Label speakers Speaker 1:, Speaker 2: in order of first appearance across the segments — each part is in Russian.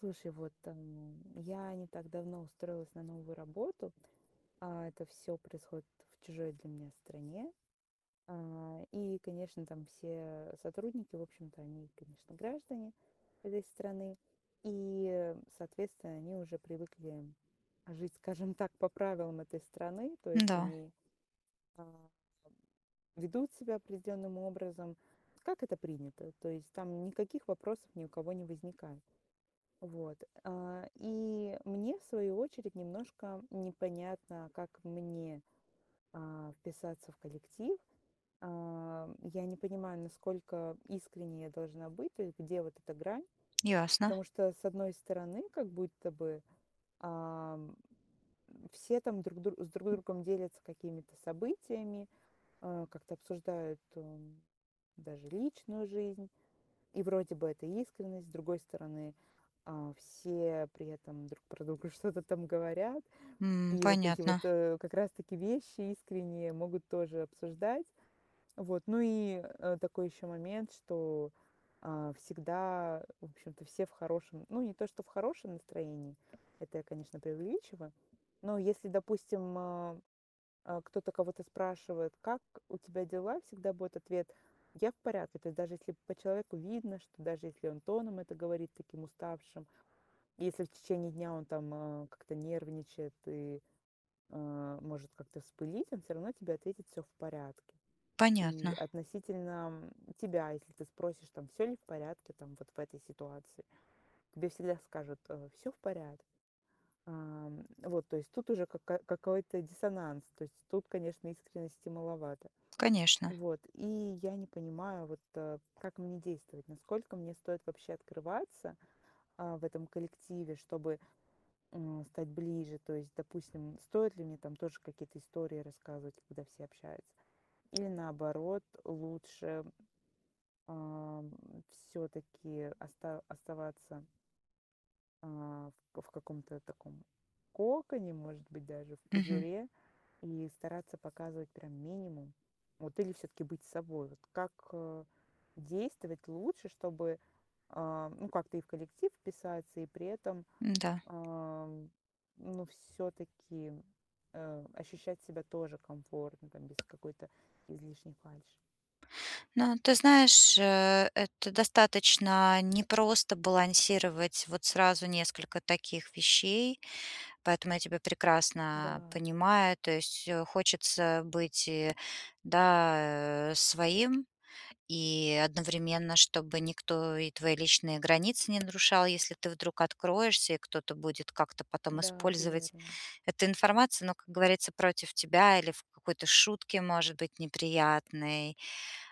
Speaker 1: Слушай, вот, эм, я не так давно устроилась на новую работу, а это всё происходит в чужой для меня стране. А, и, конечно, там все сотрудники, в общем-то, они, конечно, граждане этой страны. И, соответственно, они уже привыкли жить, скажем так, по правилам этой страны. То есть
Speaker 2: Да.
Speaker 1: они, ам, ведут себя определенным образом, как это принято. То есть там никаких вопросов ни у кого не возникает. Вот, а, и мне, в свою очередь, немножко непонятно, как мне, а, вписаться в коллектив. А, я не понимаю, насколько искренней я должна быть, то есть где вот эта грань.
Speaker 2: Ясно.
Speaker 1: Потому что, с одной стороны, как будто бы, ам, все там друг друг с друг другом делятся какими-то событиями, э, как-то обсуждают, м, даже личную жизнь. И вроде бы это искренность. С другой стороны, а, все при этом друг про друга что-то там говорят.
Speaker 2: М,
Speaker 1: И вот эти вот,
Speaker 2: понятно.
Speaker 1: э, как раз-таки, вещи искренние, могут тоже обсуждать. Вот, ну и, э, такой еще момент, что, а, всегда, в общем-то, все в хорошем ну, не то что в хорошем настроении, это я, конечно, преувеличиваю. Но если, допустим, а, а, кто-то кого-то спрашивает: "Как у тебя дела?" Всегда будет ответ: "Я в порядке". То есть даже если по человеку видно, что даже если он тоном это говорит таким уставшим, если в течение дня он там, э, как-то нервничает и, э, может как-то вспылить, он всё равно тебе ответит: "Всё в порядке". И
Speaker 2: Понятно.
Speaker 1: относительно, м, тебя, если ты спросишь, там, всё ли в порядке, там, вот в этой ситуации, тебе всегда скажут, э: "Всё в порядке". Ам, вот, то есть тут уже ка ка какой-то диссонанс, то есть тут, конечно, искренности маловато.
Speaker 2: Конечно.
Speaker 1: Вот, и я не понимаю вот, э, как мне действовать, насколько мне стоит вообще открываться, а, в этом коллективе, чтобы, м, стать ближе. То есть, допустим, стоит ли мне там тоже какие-то истории рассказывать, когда все общаются, или, наоборот, лучше, ам, всё-таки оста оставаться а, в в каком-то таком коконе, может быть, даже в
Speaker 2: Мгм.
Speaker 1: пузыре, и стараться показывать прям минимум. Вот или всё-таки быть собой? Вот как, а, действовать лучше, чтобы, а, ну, как-то и в коллектив вписаться, и при этом,
Speaker 2: М-да.
Speaker 1: а, ну, всё-таки, э, ощущать себя тоже комфортно там, без какой-то, излишней фальши?
Speaker 2: Ну, ты знаешь, э, это достаточно непросто балансировать вот сразу несколько таких вещей, поэтому я тебя прекрасно
Speaker 1: Да.
Speaker 2: понимаю. То есть, э, хочется быть и, да, э, своим, и одновременно чтобы никто и твои личные границы не нарушал, если ты вдруг откроешься и кто-то будет как-то потом
Speaker 1: Да,
Speaker 2: использовать
Speaker 1: верно.
Speaker 2: эту информацию, ну, как говорится, против тебя или в какой-то шутке, может быть, неприятной,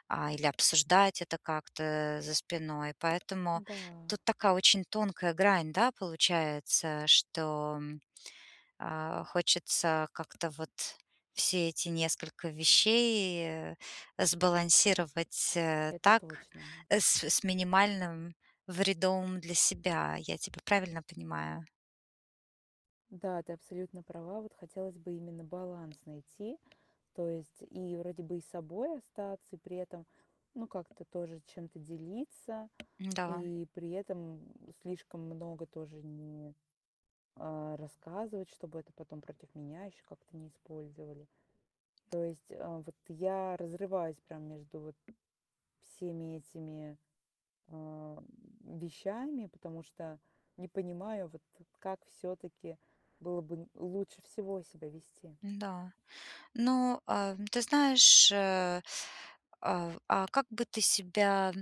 Speaker 2: а, или обсуждать это как-то за спиной. Поэтому
Speaker 1: Да.
Speaker 2: тут такая очень тонкая грань, да, получается, что, а, хочется как-то вот все эти несколько вещей сбалансировать, э,
Speaker 1: Это
Speaker 2: так,
Speaker 1: точно.
Speaker 2: с с минимальным вредом для себя. Я тебя правильно понимаю?
Speaker 1: Да, ты абсолютно права. Вот хотелось бы именно баланс найти. То есть, и вроде бы и собой остаться, и при этом, ну, как-то тоже чем-то делиться,
Speaker 2: Да.
Speaker 1: и при этом, м, слишком много тоже не а рассказывать, чтобы это потом против меня еще как-то не использовали. То есть, э, вот я разрываюсь прям между вот всеми этими, а, вещами, потому что не понимаю, вот, как все-таки было бы лучше всего себя вести.
Speaker 2: Да, но, а, ты знаешь, э а а как бы ты себя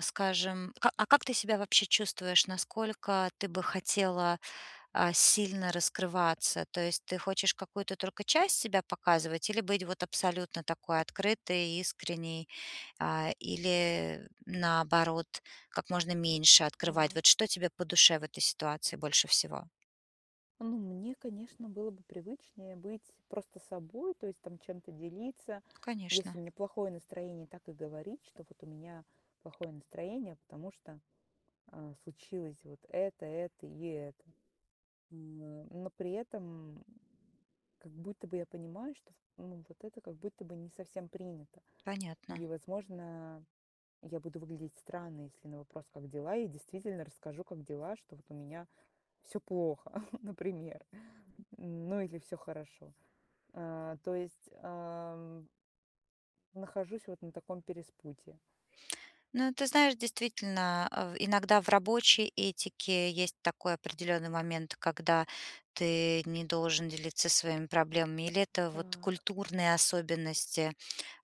Speaker 2: скажем, ка а как ты себя вообще чувствуешь, насколько ты бы хотела, а, сильно раскрываться? То есть ты хочешь какую-то только часть себя показывать или быть вот абсолютно такой открытой, искренней, а, или, наоборот, как можно меньше открывать? Вот
Speaker 1: Так.
Speaker 2: что тебе по душе в этой ситуации больше всего?
Speaker 1: Ну, мне, конечно, было бы привычнее быть просто собой, то есть там чем-то делиться. Если
Speaker 2: Конечно.
Speaker 1: у меня плохое настроение, так и говорить, что вот у меня плохое настроение, потому что, а, случилось вот это, это и это. М но при этом как будто бы я понимаю, что ну, вот это как будто бы не совсем принято.
Speaker 2: Понятно.
Speaker 1: И, возможно, я буду выглядеть странно, если на вопрос: "Как дела?" Я действительно расскажу, как дела, что вот у меня всё плохо, например. Ну, или всё хорошо. А то есть, ам Нахожусь вот на таком перепутье.
Speaker 2: Ну, ты знаешь, действительно, э, в иногда в рабочей этике есть такой определённый момент, когда ты не должен делиться своими проблемами, или это вот
Speaker 1: Так.
Speaker 2: культурные особенности,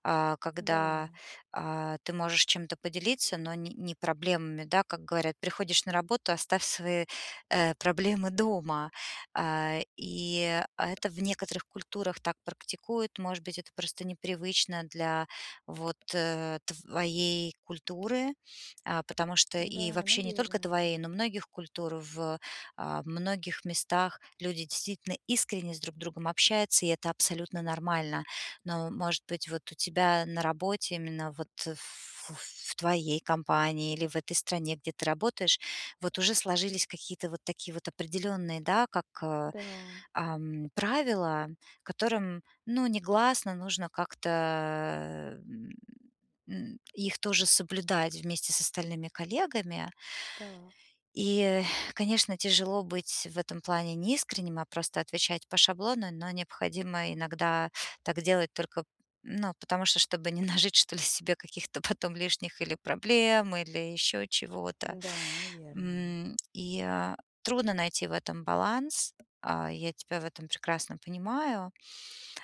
Speaker 2: а, когда,
Speaker 1: Да.
Speaker 2: а, ты можешь чем-то поделиться, но н не проблемами, да, как говорят: "Приходишь на работу- оставь свои, э, проблемы дома". А, и это в некоторых культурах так практикуют, может быть, это просто непривычно для, вот, э, твоей культуры, а, потому что, и
Speaker 1: Да,
Speaker 2: вообще не только
Speaker 1: наверное.
Speaker 2: твоей, но многих культур в, э, многих местах. Люди действительно искренне друг с другом общаются, и это абсолютно нормально. Но может быть, вот у тебя на работе, именно вот ф в в твоей компании или в этой стране, где ты работаешь, вот уже сложились какие-то вот такие вот определённые, да, как, э
Speaker 1: Да.
Speaker 2: эм правила, которым, ну, негласно нужно как-то, э м м их тоже соблюдать вместе с остальными коллегами.
Speaker 1: Да.
Speaker 2: И, конечно, тяжело быть в этом плане неискренним, а просто отвечать по шаблону, но необходимо иногда так делать только ну, потому что, чтобы не нажить, что ли, себе каких-то потом лишних или проблем, или ещё чего-то.
Speaker 1: Н-да, наверное.
Speaker 2: М и, э, трудно найти в этом баланс, а, я тебя в этом прекрасно понимаю.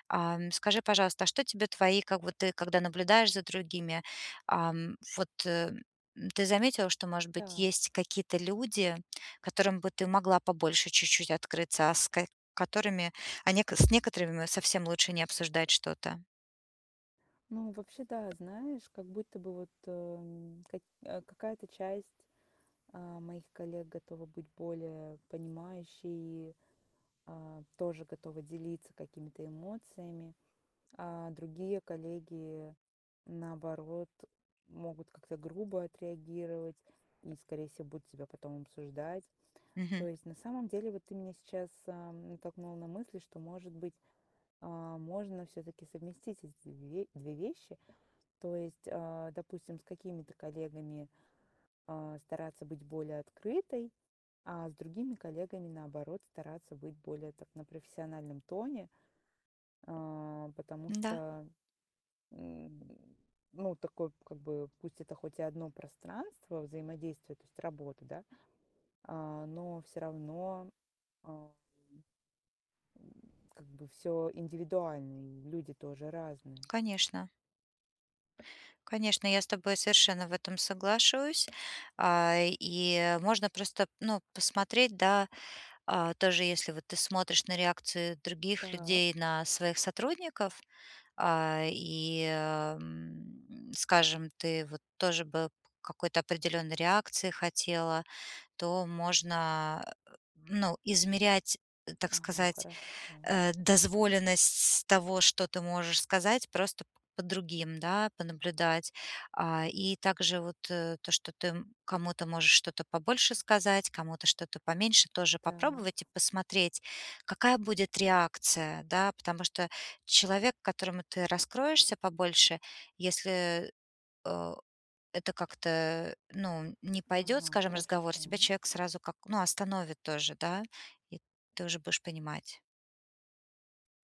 Speaker 2: Ам, скажи, пожалуйста, а что тебе твои как бы ты, когда наблюдаешь за другими, ам, вот ты заметила, что, может быть, есть
Speaker 1: Так.
Speaker 2: какие-то люди, которым бы ты могла побольше чуть-чуть открыться, а с ка которыми, а нек с некоторыми совсем лучше не обсуждать что-то?
Speaker 1: Ну, вообще, да, знаешь, как будто бы вот, э м как э, какая-то часть, а, моих коллег готова быть более понимающей, а, тоже готовы делиться какими-то эмоциями. А другие коллеги, наоборот, могут как-то грубо отреагировать и, скорее всего, будут тебя потом обсуждать. То
Speaker 2: Мгм.
Speaker 1: есть, на самом деле, вот ты меня сейчас, ам, натолкнула на мысль, что, может быть, а, можно всё-таки совместить эт эти 2 2 вещи. То есть, а, допустим, с какими-то коллегами, а, стараться быть более открытой, а с другими коллегами, наоборот, стараться быть более так, на профессиональном тоне. А потому
Speaker 2: Да.
Speaker 1: что, м м ну, такой, как бы, пусть это хоть и 1 пространство взаимодействия, то есть работа, да, а, но всё равно ам М как бы всё индивидуально, и люди тоже разные.
Speaker 2: Конечно. Конечно, я с тобой совершенно в этом соглашусь, а, и можно просто ну, посмотреть, да, а, тоже если вот ты смотришь на реакции других
Speaker 1: Да.
Speaker 2: людей на своих сотрудников, а, и м м скажем, ты вот тоже бы к какой-то определённой реакции хотела, то можно, э ну, измерять, так
Speaker 1: Ага,
Speaker 2: сказать,
Speaker 1: хорошо.
Speaker 2: э, дозволенность того, что ты можешь сказать, просто п по другим, да, понаблюдать. А, и также вот, э, то, что ты кому-то можешь что-то побольше сказать, кому-то что-то поменьше тоже попробовать и
Speaker 1: Так.
Speaker 2: посмотреть, какая будет реакция. Да, потому что человек, которому ты раскроешься побольше, если, э это как-то ну, не пойдет,
Speaker 1: Ага,
Speaker 2: скажем, разговор, тебя
Speaker 1: хорошо.
Speaker 2: человек сразу как ну, остановит тоже, да, и ты уже будешь понимать.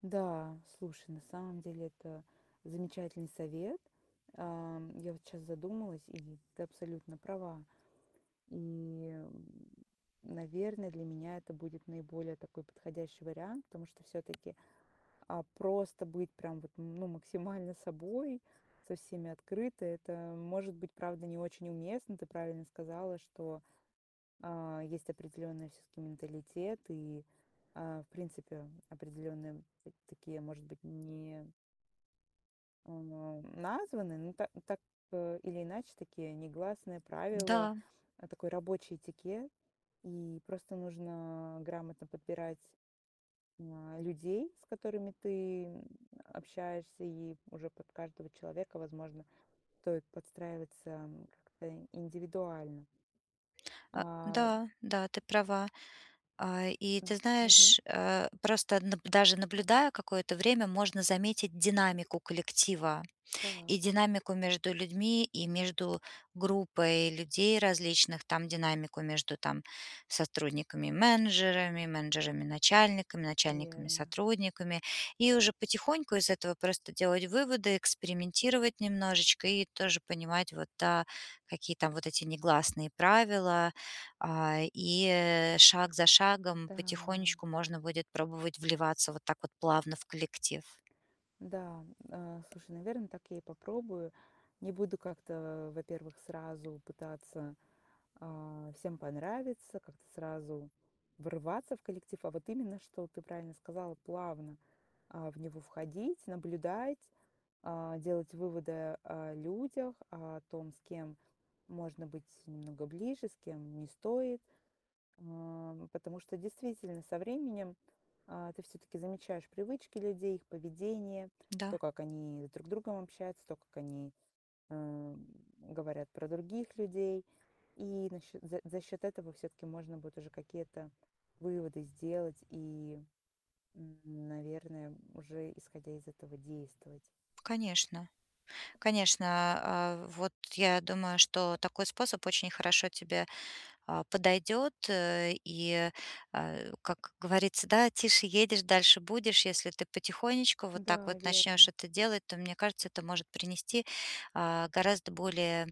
Speaker 1: Да, слушай, на самом деле это замечательный совет. Ам, я вот щас задумалась, и ведь ты абсолютно права. И, м, наверно, для меня это будет наиболее такой подходящий вариант, потому что всё-таки, а, просто быть прям вот, ну, максимально собой, со всеми открыто- это, может быть, правда, не очень уместно. Ты правильно сказала, что, а, есть определённый всё-таки менталитет и, а, в принципе, определённые та такие, может быть, не эм, эм, названые, ну та так, э, или иначе такие негласные правила,
Speaker 2: Н-да.
Speaker 1: э, такой рабочий этикет. И просто нужно грамотно подбирать, м, а, людей, с которыми ты, м, общаешься, и уже под каждого человека, возможно, стоит подстраиваться как-то индивидуально.
Speaker 2: А,
Speaker 1: А
Speaker 2: да, да, ты права. А, и ты
Speaker 1: М. Мгм.
Speaker 2: знаешь, э, просто наб даже наблюдая какое-то время, можно заметить динамику коллектива,
Speaker 1: Так.
Speaker 2: и динамику между людьми, и между группой людей различных, там динамику между, там, сотрудниками-менеджерами, менеджерами-начальниками,
Speaker 1: Верно.
Speaker 2: начальниками-сотрудниками. И уже потихоньку из этого просто делать выводы, экспериментировать немножечко и тоже понимать вот, да, какие там вот эти негласные правила, а, и, э, шаг за шагом
Speaker 1: Н-да.
Speaker 2: потихонечку можно будет пробовать вливаться вот так вот плавно в коллектив.
Speaker 1: Да, э, слушай, наверно, так я и попробую. Не буду как-то, во-первых, сразу пытаться, а, всем понравиться, как-то сразу врываться в коллектив, а вот именно, что, ты правильно сказала, плавно, а, в него входить, наблюдать, а, делать выводы о людях, о том, с кем можно быть немного ближе, с кем не стоит. Ам, потому что действительно со временем, а, ты всё-таки замечаешь привычки людей, их поведение,
Speaker 2: Да.
Speaker 1: то, как они друг с другом общаются, то, как они, ам, говорят про других людей. И на счёт за за счёт этого всё-таки можно будет уже какие-то выводы сделать и, м, н наверное, уже, исходя из этого, действовать.
Speaker 2: Конечно. Конечно, а, а вот я думаю, что такой способ очень хорошо тебе, а, подойдет, э, и, а, как говорится, да: тише едешь, дальше будешь. Если ты потихонечку вот так
Speaker 1: Да,
Speaker 2: вот начнёшь
Speaker 1: верно.
Speaker 2: это делать, то, мне кажется, это может принести, а, гораздо более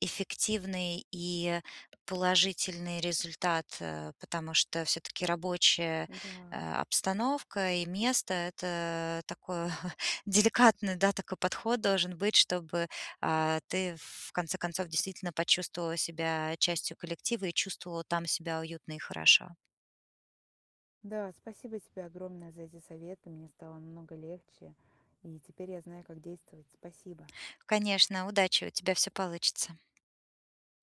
Speaker 2: эффективный и положительный результат, э, потому что всё-таки рабочая,
Speaker 1: Да.
Speaker 2: э, обстановка и место- это такое деликатный, да, такой подход должен быть, чтобы, а, ты в конце концов действительно почувствовала себя частью коллектива и чувствовала там себя уютно и хорошо.
Speaker 1: Да, спасибо тебе огромное за эти советы. Мне стало намного легче. И теперь я знаю как действовать. Спасибо.
Speaker 2: Конечно. Удачи. У тебя всё получится.